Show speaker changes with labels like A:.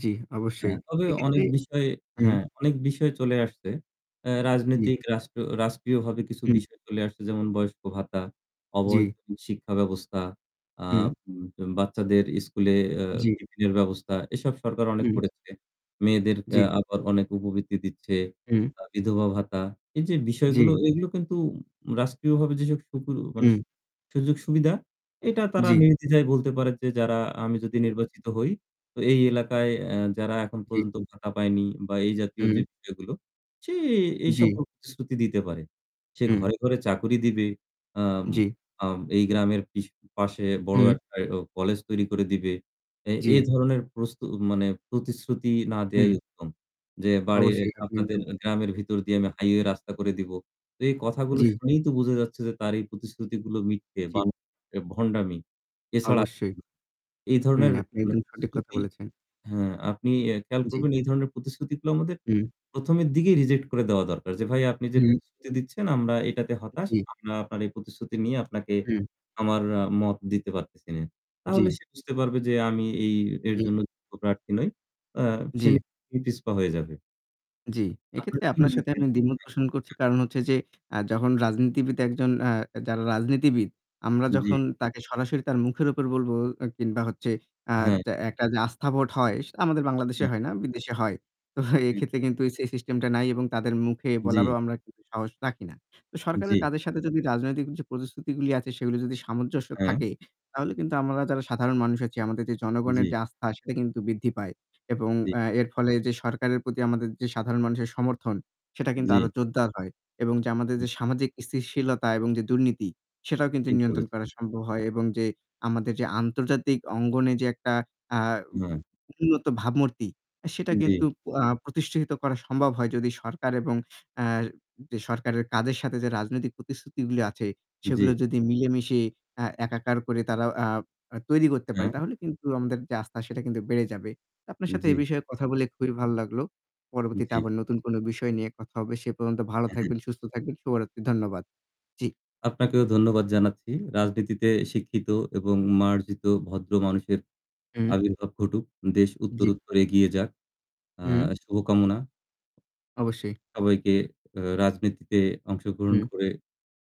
A: জী, অবশ্যই।
B: হ্যাঁ, তবে অনেক
A: এক্ষেত্রে
B: বিষয়ে
A: হুম।
B: হ্যাঁ অনেক বিষয় চলে আসছে। আ
A: জ্বি।
B: রাজনৈতিক রাষ্ট্র রাষ্ট্রীয়ভাবে কিছু
A: হুম।
B: বিষয় চলে আসছে, যেমন বয়স্ক ভাতা,
A: জী।
B: অবৈতনিক শিক্ষা ব্যবস্থা,
A: হুম।
B: আম যেমন বাচ্চাদের স্কুলে আ
A: জী।
B: টিফিনের ব্যবস্থা, এসব সরকার অনেক
A: হুম।
B: করেছে। মেয়েদের আ
A: জী।
B: আবার অনেক উপবৃত্তি দিচ্ছে।
A: হুম।
B: তা বিধবা ভাতা, এই যে বিষয়গুলো,
A: জী।
B: এগুলো কিন্তু রাষ্ট্রীয়ভাবে যেসব [unintelligible] মানে,
A: হুম।
B: সুযোগ-সুবিধা, এটা তারা
A: জী।
B: নির্দ্বিধায় বলতে পারে যে যারা, আমি যদি
A: হু।
B: নির্বাচিত হই, তো এই এলাকায় আ যারা এখন
A: জী।
B: পর্যন্ত ভাতা পায়নি বা এই জাতীয়
A: হুম।
B: যে বিষয়গুলো, সে এই
A: জী।
B: সকল প্রতিশ্রুতি দিতে পারে। সে
A: হুম।
B: ঘরে, ঘরে চাকুরি দিবে, আম
A: জী।
B: আম এই গ্রামের পিশ পাশে বড়
A: হুম।
B: একটা এরম কলেজ তৈরি করে দিবে। এ এ
A: জী।
B: ধরনের প্রস্তু মানে, প্রতিশ্রুতি না
A: হুম।
B: দেওয়াই উত্তম। যে বাড়ির
A: অবশ্যই, আপনি
B: আপনাদের
A: একদম
B: গ্রামের ভিতর দিয়ে
A: জী।
B: আমি হাইওয়ে রাস্তা করে দিবো। তো এই কথাগুলো
A: জী
B: শুনেই তো বুঝা যাচ্ছে যে তার এই প্রতিশ্রুতিগুলো মিথ্যে বা
A: জী।
B: হচ্ছে ভণ্ডামি। এছাড়া,
A: অবশ্যই।
B: এই
A: হুম,
B: ধরনের
A: আপনি
B: মানে
A: একদম সঠিক কথা
B: প্রতিশ্রুতি
A: বলেছেন।
B: হা আপনি এ খেয়াল
A: জী।
B: করবেন, এই ধরনের প্রতিশ্রুতিগুলো আমাদের
A: হুম।
B: প্রথমের দিকেই রিজেক্ট করে দেওয়া দরকার যে, ভাই আপনি যে
A: হুম।
B: প্রতিশ্রুতি দিচ্ছেন, আমরা এইটাতে হতাশ।
A: জী।
B: আমরা আপনার এই প্রতিশ্রুতি নিয়ে আপনাকে
A: হুম।
B: আমার মত দিতে পারতেছি নে। তাহলে
A: জী।
B: সে বুঝতে পারবে যে আমি এই এর
A: হুম।
B: জন্য যোগ্য প্রার্থী নই। আ সে
A: জী।
B: নিজেই পিছপা হয়ে যাবে।
A: জী।
B: আপনার
A: এক্ষেত্রে
B: কী
A: আপনার
B: মনে
A: সাথে
B: হয়?
A: আমি দ্বিমত পোষণ করছি,
B: [unintelligible]
A: কারণ হচ্ছে যে, আ যখন রাজনীতিবিদ একজন আ যারা রাজনীতিবিদ, আমরা
B: জী।
A: যখন তাকে সরাসরি তার মুখের উপর বলবো, অ্যা কিংবা হচ্ছে আ
B: হ্যাঁ।
A: যা একটা যে আস্থা ভোট হয়, সেটা আমাদের বাংলাদেশে
B: হু।
A: হয় না, বিদেশে হয়। তো
B: হু।
A: এইক্ষেত্রে কিন্তু এই সেই সিস্টেমটা নাই এবং তাদের মুখে বলারও
B: জী।
A: আমরা কিন্তু সাহস রাখি না। তো সরকারের
B: জী।
A: কাজের সাথে যদি রাজনৈতিক যে প্রতিশ্রুতিগুলি আছে, সেগুলি যদি সামঞ্জস্য
B: হ্যাঁ।
A: থাকে, তাহলে কিন্তু আমরা যারা সাধারণ মানুষ আছি, আমাদের যে জনগণের
B: জী।
A: যে আস্থা, সেটা কিন্তু বৃদ্ধি পায়। এবং
B: জী।
A: আ এর ফলে যে সরকারের প্রতি আমাদের যে সাধারণ মানুষের সমর্থন, সেটা কিন্তু আরো
B: জী।
A: জোরদার হয়। এবং যে আমাদের
B: হ্যাঁ।
A: যে সামাজিক স্থিতিশীলতা এবং যে দুর্নীতি, সেটাও কিন্তু
B: ঠিক
A: নিয়ন্ত্রণ করা
B: বলেছেন।
A: সম্ভব হয়, এবং যে আমাদের যে আন্তর্জাতিক অঙ্গনে যে একটা আ উ
B: হ্যাঁ।
A: উন্নত ভাবমূর্তি, সেটা কিন্তু
B: জী।
A: আ প্রতিষ্ঠিত করা সম্ভব হয় যদি সরকার এবং আ যে সরকারের কাজের সাথে যে রাজনৈতিক প্রতিশ্রুতিগুলি আছে, সেগুলো
B: জী।
A: যদি মিলেমিশে আ একাকার করে তারাও আ আ তৈরি করতে পারে,
B: হ্যাঁ।
A: তাহলে কিন্তু আমাদের যে আস্থা, সেটা কিন্তু বেড়ে যাবে। তা আপনার সাথে এ
B: জী।
A: বিষয়ে কথা বলে খুবই ভালো লাগলো। পরবর্তীতে
B: জী।
A: আবার নতুন কোনো বিষয় নিয়ে কথা হবে। সে পর্যন্ত ভালো
B: অ্যা হ্যাঁ।
A: থাকবেন, সুস্থ থাকবেন। শুভরাত্রি, ধন্যবাদ। জী।
B: আপনাকেও ধন্যবাদ জানাচ্ছি। রাজনীতিতে শিক্ষিত এবং মার্জিত ভদ্র মানুষের
A: হুম।
B: আবির্ভাব ঘটুক। দেশ
A: জী।
B: উত্তোরত্তোর এগিয়ে যাক। আ
A: হুম।
B: শুভকামনা।
A: অবশ্যই।
B: সবাইকে আ রাজনীতিতে অংশগ্রহণ
A: হুম।
B: করে